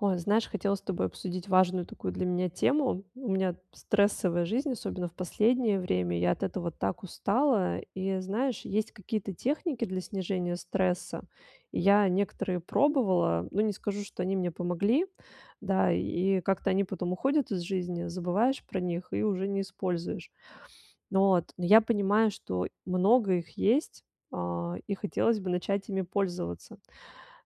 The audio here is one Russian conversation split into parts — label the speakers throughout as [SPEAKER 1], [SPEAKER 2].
[SPEAKER 1] Ой, знаешь, хотела с тобой обсудить важную такую для меня тему. У меня стрессовая жизнь, особенно в последнее время. Я от этого так устала. И знаешь, есть какие-то техники для снижения стресса. И я некоторые пробовала, ну, не скажу, что они мне помогли, да, и как-то они потом уходят из жизни, забываешь про них и уже не используешь. Вот. Но я понимаю, что много их есть, а, и хотелось бы начать ими пользоваться.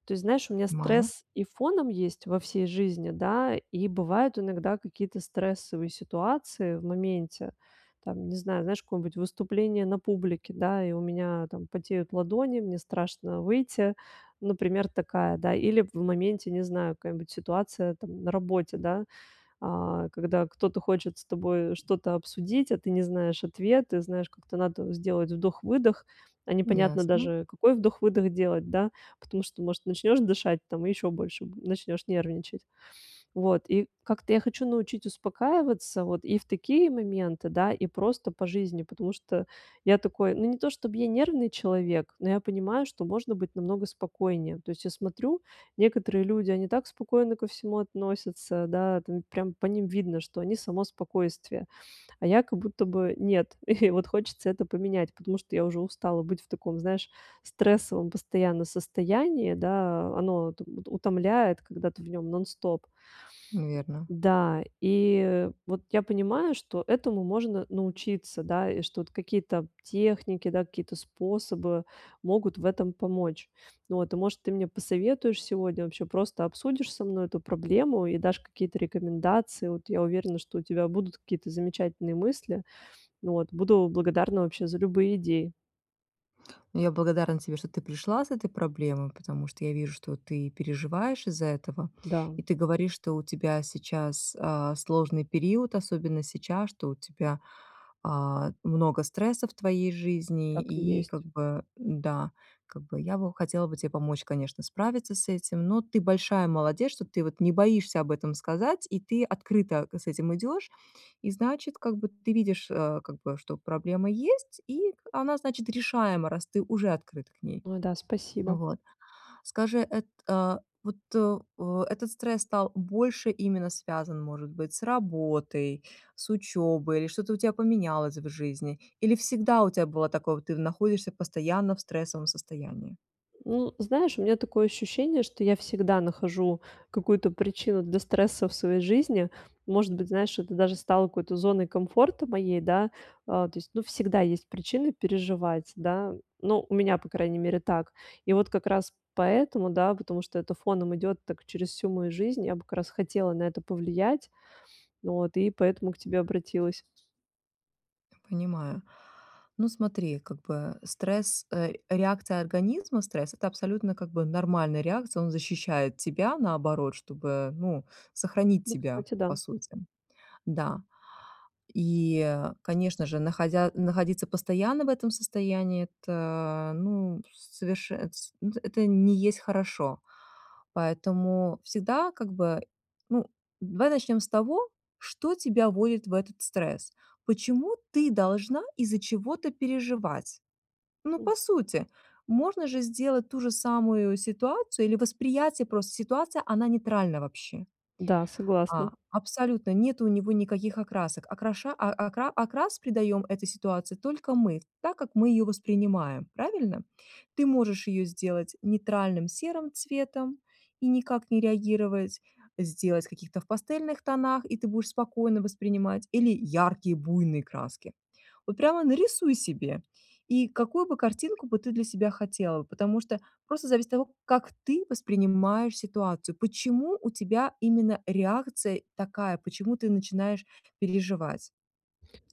[SPEAKER 1] То есть, знаешь, у меня
[SPEAKER 2] Мая?
[SPEAKER 1] стресс и фоном есть во всей жизни, да, и бывают иногда какие-то стрессовые ситуации в моменте, там, не знаю, знаешь, какое-нибудь выступление на публике, да, и у меня там потеют ладони, мне страшно выйти, например, такая, да, или в моменте, не знаю, какая-нибудь ситуация там на работе, да, а, когда кто-то хочет с тобой что-то обсудить, а ты не знаешь ответы, знаешь, как-то надо сделать вдох-выдох, а непонятно
[SPEAKER 2] Ясно.
[SPEAKER 1] даже, какой вдох-выдох делать, да, потому что, может, начнешь дышать там и ещё больше бу начнешь нервничать. Вот, и как-то я хочу научить успокаиваться вот и в такие моменты, да, и просто по жизни, потому что я такой, ну, не то чтоб я нервный человек, но я понимаю, что можно быть намного спокойнее. То есть я смотрю, некоторые люди, они так спокойно ко всему относятся, да, там прям по ним видно, что они само спокойствие, а я как будто бы нет, и вот хочется это поменять, потому что я уже устала быть в таком, знаешь, стрессовом постоянно состоянии, да, оно уто утомляет, когда ты в нем нон-стоп.
[SPEAKER 2] Наверно.
[SPEAKER 1] Да, и вот я понимаю, что этому можно научиться, да, и что вот какие-то техники, да, какие-то способы могут в этом помочь. Вот, и, может, ты мне посоветуешь сегодня, вообще просто обсудишь со мной эту проблему и дашь какие-то рекомендации. Вот я уверена, что у тебя будут какие-то замечательные мысли. Вот, буду благодарна вообще за любые идеи.
[SPEAKER 2] Ну, я благодарна тебе, что ты пришла с этой проблемой. Потому что, я вижу, что ты переживаешь из-за этого. И
[SPEAKER 1] Да.
[SPEAKER 2] ты говоришь, что у тебя сейчас, а, сложный период, особенно сейчас, что у тебя, а, много стресса в твоей жизни,
[SPEAKER 1] Так и
[SPEAKER 2] и
[SPEAKER 1] есть.
[SPEAKER 2] как бы да, как бы я бы хотела бы тебе помочь, конечно, справиться с этим. Но ты большая молодец, что ты вот не боишься об этом сказать, и ты открыто к с этим идёшь. И значит, как бы ты видишь, э, как бы, что проблема есть, и она, значит, решаема, раз ты уже открыт к ней.
[SPEAKER 1] О да, спасибо.
[SPEAKER 2] Вот скажи, это, э, вот, э, этот стресс стал больше именно связан, может быть, с работой, с учёбой или что-то у тя поменялось в жизни? Или всегда у тебя было такое, вот ты в находишься постоянно в стрессовом состоянии?
[SPEAKER 1] Ну, знаешь, у меня такое ощущение, что я всегда нахожу какую-то причину для стресса в своей жизни. Может быть, знаешь, это даже стало какой-то зоной комфорта моей, да. А, то есть, ну, всегда есть причины переживать, да. Ну, у меня, по крайней мере, так. И вот как раз поэтому, да, потому что это фоном идёт так через всю мою жизнь, я бы как раз хотела на это повлиять. Вот, и поэтому к тебе обратилась.
[SPEAKER 2] Понимаю. Ну, смотри, как бы стресс, э, реакция организма, стресс- это абсолютно, как бы, нормальная реакция, он защищает тебя, наоборот, чтобы, ну, сохранить
[SPEAKER 1] Ну,
[SPEAKER 2] тебя
[SPEAKER 1] кстати, да.
[SPEAKER 2] по сути. Да, и, конечно же, находя находиться постоянно в этом состоянии- это, ну, соверше это с н это не есть хорошо. Поэтому всегда, как бы, ну, давай начнём с того, что тебя вводит в этот стресс? Почему ты должна из-за чего-то переживать? Ну,
[SPEAKER 1] М.
[SPEAKER 2] по сути, можно же сделать ту же самую ситуацию, или восприятие просто ситуации- она нейтральна вообще.
[SPEAKER 1] Да,
[SPEAKER 2] А
[SPEAKER 1] согласна.
[SPEAKER 2] абсолютно нету у него никаких окрасок. Окраша а акра окрас придаём этой ситуации только мы, так как мы её воспринимаем. Правильно? Ты можешь её сделать нейтральным серым цветом и никак не реагировать, сделать в каких-то в пастельных тонах, и ты будешь спокойно воспринимать, или яркие буйные краски. Вот прямо нарисуй себе, и какую бы картинку бы ты для себя хотела, потому что просто зависит от того, как ты воспринимаешь ситуацию, почему у тебя именно реакция такая, почему ты начинаешь переживать?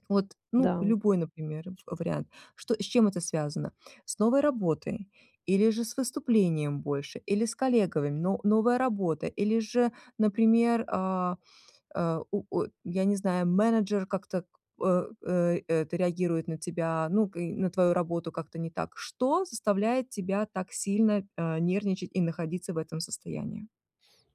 [SPEAKER 2] Вот, ну,
[SPEAKER 1] Да.
[SPEAKER 2] любой, например, в вариант, что с чем это связано? С новой работой, или же с выступлением больше, или с коллегами, но новая работа? Или же, например, а, а, у у я не знаю, менеджер как-то, э, э, это реагирует на тебя, ну, к и на твою работу как-то не так? Что заставляет тебя так сильно, э, нервничать и находиться в этом состоянии?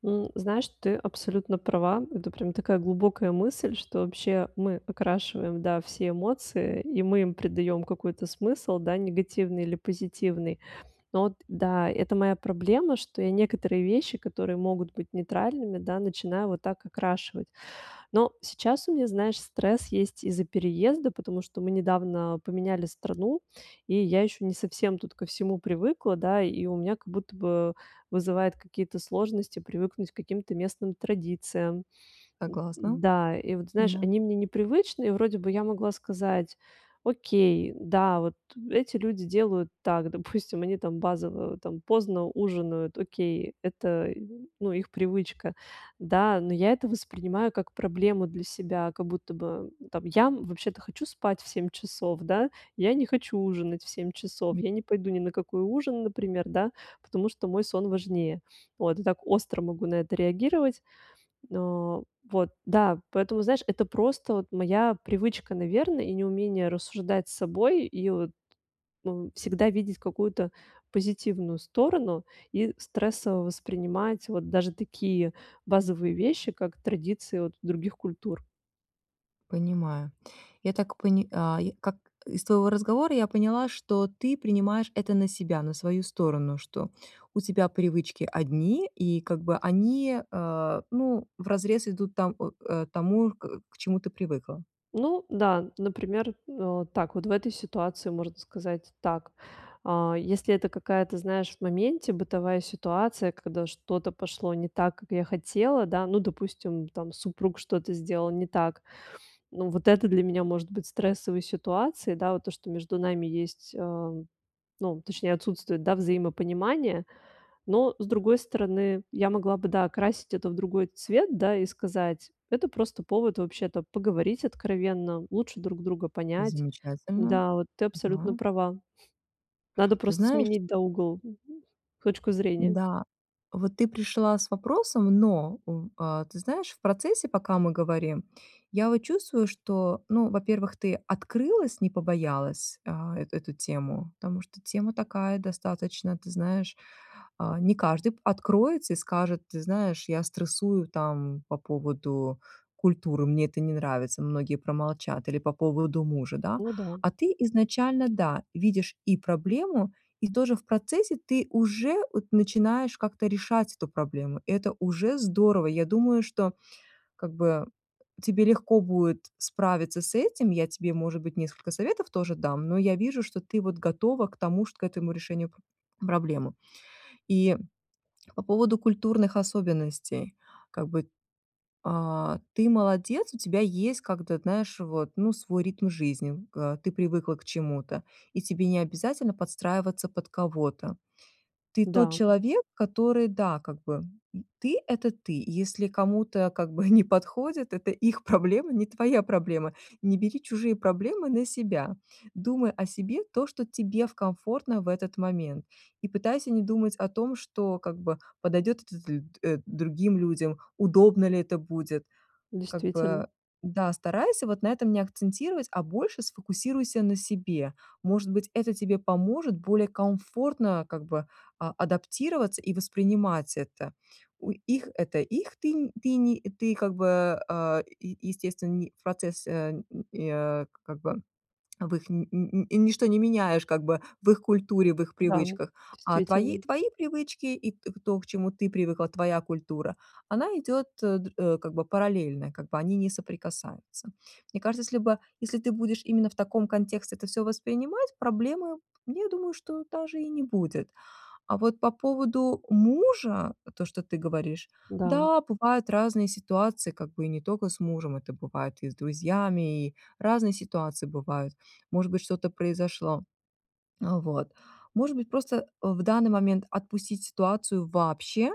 [SPEAKER 1] М, знаешь, ты абсолютно права. Это прям такая глубокая мысль, что вообще мы окрашиваем, да, все эмоции, и мы им придаём какой-то смысл, да, негативный или позитивный. Но вот да, это моя проблема, что я некоторые вещи, которые могут быть нейтральными, да, начинаю вот так окрашивать. Но сейчас у меня, знаешь, стресс есть из-за переезда, потому что мы недавно поменяли страну, и я ещё не совсем тут ко всему привыкла, да. И у меня как будто бы вызывает какие-то сложности привыкнуть к каким-то местным традициям. Д
[SPEAKER 2] Согласна,
[SPEAKER 1] да, и вот, знаешь,
[SPEAKER 2] да.
[SPEAKER 1] они мне непривычны, и вроде бы я могла сказать: "Окей, да, вот эти люди делают так". Допустим, они там базово, там, поздно ужинают, окей, это, ну, их привычка. Да, но я это воспринимаю как проблему для себя. Как будто бы там я, м, вообще-то хочу спать в 7 часов, да, я не хочу ужинать в 7 часов,
[SPEAKER 2] И.
[SPEAKER 1] я не пойду ни на какой ужин, например, да, потому что мой сон важнее. Вот, я так остро могу на это реагировать. О, вот, да, поэтому, знаешь, это просто вот моя привычка, наверно, и неумение рассуждать с собой и вот, ну, всегда видеть какую-то позитивную сторону. И стрессово воспринимать вот даже такие базовые вещи, как традиции вот других культур.
[SPEAKER 2] Понимаю. Я так поня а, я как из твоего разговора я поняла, что ты принимаешь это на себя, на свою сторону, что у тебя привычки одни и как бы они, э, ну, вразрез идут там, э, тому, к к чему ты привыкла.
[SPEAKER 1] Ну да, например, а, так вот в этой ситуации можно сказать так. А если это какая-то, знаешь, в моменте бытовая ситуация, когда что-то пошло не так, как я хотела, да ну, допустим, там супруг что-то сделал не так, ну вот это для меня может быть стрессовой ситуацией, да, вот то, что между нами есть, а, м, ну, точнее, отсутствует, да, взаимопонимание. Но, с другой стороны, я могла бы, да, окрасить это в другой цвет, да, и сказать: "Это просто повод вообще-то поговорить откровенно, лучше друг друга понять".
[SPEAKER 2] Замечательно,
[SPEAKER 1] Да, вот ты абсолютно
[SPEAKER 2] да.
[SPEAKER 1] права. Надо
[SPEAKER 2] Ты
[SPEAKER 1] просто
[SPEAKER 2] знаешь
[SPEAKER 1] сменить, да, угол, м, м, точку зрения.
[SPEAKER 2] Да, вот ты пришла с вопросом, но в а, ты знаешь, в процессе, пока мы говорим, я вот чувствую, что, ну, во-первых, ты открылась, не побоялась, а, эту эту тему, потому что тема такая достаточно, ты знаешь, а, не каждый п откроется и скажет: "Ты знаешь, я стрессую там по поводу культуры, мне это не нравится". Многие промолчат или по поводу мужа, да,
[SPEAKER 1] Ну да.
[SPEAKER 2] а ты изначально, да, видишь и проблему, и тоже в процессе ты уже, от, начинаешь как-то решать эту проблему. Это уже здорово, я думаю, что как бы тебе легко будет справиться с этим, я тебе, может быть, несколько советов тоже дам, но я вижу, что ты вот готова к тому, чт к этому решению про проблемы. И по поводу культурных особенностей. Как бы, а, ты молодец, у тебя есть как этот, знаешь, вот, ну, свой ритм жизни. К, э, ты привыкла к чему-то, и тебе не обязательно подстраиваться под кого-то. Ты тот
[SPEAKER 1] Да.
[SPEAKER 2] человек, который, да, как бы, м, ты это ты, если кому-то как бы не подходит, это их проблема, не твоя проблема. Не бери чужие проблемы на себя, думай о себе, то, что тебе в комфортно в этот момент, и пытайся не думать о том, что как бы подойдет это то ли, э, другим людям, удобно ли это будет. Как
[SPEAKER 1] Действительно.
[SPEAKER 2] бы, да, старайся вот на этом не акцентировать, а больше сфокусируйся на себе. Может быть, это тебе поможет более комфортно как бы а адаптироваться и воспринимать это. У их это их ты не ты не ты как бы, а, е е естественный процесс, э, н э, как бы в их ни ни ничто не меняешь как бы в их культуре, в их
[SPEAKER 1] Да,
[SPEAKER 2] привычках, а твои,
[SPEAKER 1] действительно.
[SPEAKER 2] твои привычки и т то, к чему ты привыкла, твоя культура, она идёт, э, др э, как бы параллельно, как бы они не соприкасаются. Мне кажется, если бы если ты будешь именно в таком контексте это всё воспринимать, проблемы, я думаю, что даже и не будет. А вот по поводу мужа, то, что ты говоришь,
[SPEAKER 1] Да.
[SPEAKER 2] да, бывают разные ситуации, как бы и не тока с мужем, это бывает и с друзьями, и разные ситуации бывают, может быть, что-то произошло, э, вот. Может быть, просто, э, в данный момент отпустить ситуацию вообще,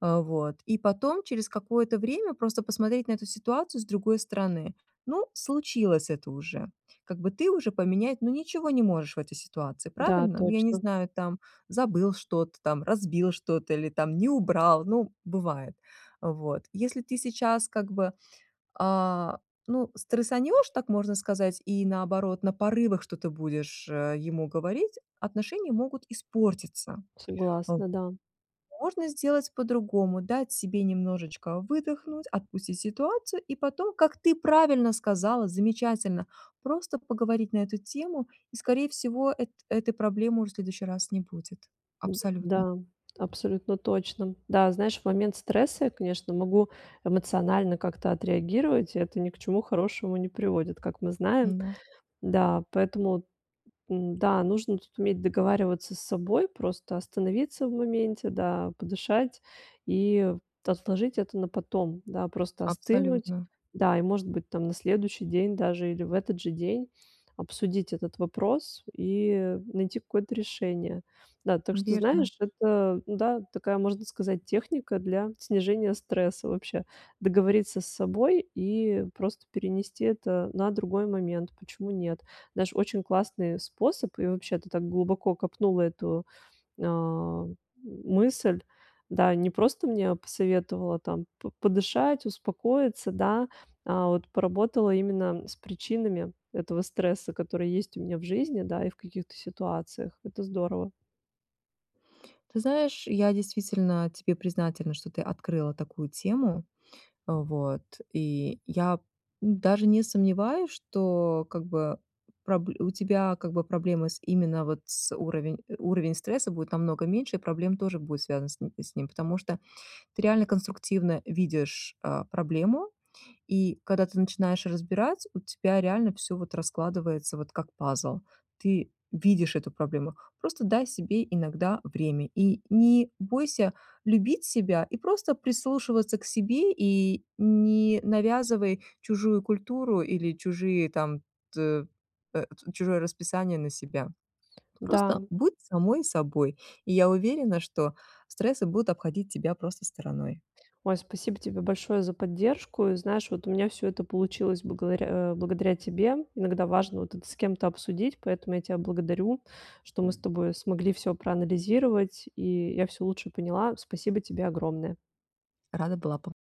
[SPEAKER 2] э, вот, и потом через какое-то время просто посмотреть на эту ситуацию с другой стороны. Ну, случилось это уже, как бы ты уже поменять, ну, ничего не можешь в этой ситуации,
[SPEAKER 1] Да,
[SPEAKER 2] правильно? Ну, я не
[SPEAKER 1] точно.
[SPEAKER 2] знаю, там забыл что-то там, разбил что-то или там не убрал, ну бывает. Э, вот, если ты сейчас как бы, а, ну, стрессанешь, так можно сказать, и наоборот, на порывах что-то будешь, э, ему говорить, отношения могут испортиться, а, в
[SPEAKER 1] Согласна, да.
[SPEAKER 2] Можно сделать по-другому, дать себе немножечко выдохнуть, отпустить ситуацию и потом, как ты правильно сказала, замечательно, просто поговорить на эту тему, и, скорее всего, эт этой проблемы уже в следующий раз не будет
[SPEAKER 1] Д
[SPEAKER 2] абсолютно.
[SPEAKER 1] да, абсолютно точно. Да, знаешь, в момент стресса я, конечно, могу эмоционально как-то отреагировать. Это ни к чему хорошему не приводит, как мы знаем.
[SPEAKER 2] М-да.
[SPEAKER 1] Да, поэтому н-да, нужно тут уметь договариваться с собой, просто остановиться в моменте, да, подышать и отложить это на потом, да, просто остынуть,
[SPEAKER 2] Абсолютно.
[SPEAKER 1] да, и, может быть, там, на следующий день даже или в этот же день обсудить этот вопрос и найти какое-то решение. Да, так что
[SPEAKER 2] Верно.
[SPEAKER 1] знаешь, это, ну да, такая, можно сказать, техника для снижения стресса вообще. Договориться с собой и просто перенести это на другой момент. Почему нет? Знаешь, очень классный способ. И, вообще-то, ты так глубоко копнула эту, ам, мысль. Да, не просто мне посоветовала там п подышать, успокоиться, да, а вот поработала именно с причинами этого стресса, который есть у меня в жизни, да, и в каких-то ситуациях. Это здорово.
[SPEAKER 2] Ты знаешь, я действительно тебе признательна, что ты открыла такую тему, вот, и я даже не сомневаюсь, что как бы проб у тебя, как бы, проблемы с именно вот с уровень уровень стресса будет намного меньше, и проблем тоже будет связан с ним, потому что ты реально конструктивно видишь, а, проблему, и когда ты начинаешь разбирать, у тебя реально всё вот раскладывается вот как пазл. Ты видишь эту проблему, просто дай себе иногда время и не бойся любить себя и просто прислушиваться к себе и не навязывай чужую культуру или чужие там, т э, чужое расписание на себя.
[SPEAKER 1] Да.
[SPEAKER 2] Просто будь самой собой. Я уверена, что стрессы будут обходить тебя просто стороной.
[SPEAKER 1] Ой, спасибо тебе большое за поддержку, и знаешь, вот у меня все это получилось б говоря, благодаря тебе. Иногда важно вот так с кем-то обсудить, поэтому я тебя благодарю, что мы с тобой смогли все проанализировать, и я всё лучше поняла. Спасибо тебе огромное.
[SPEAKER 2] Рада была пом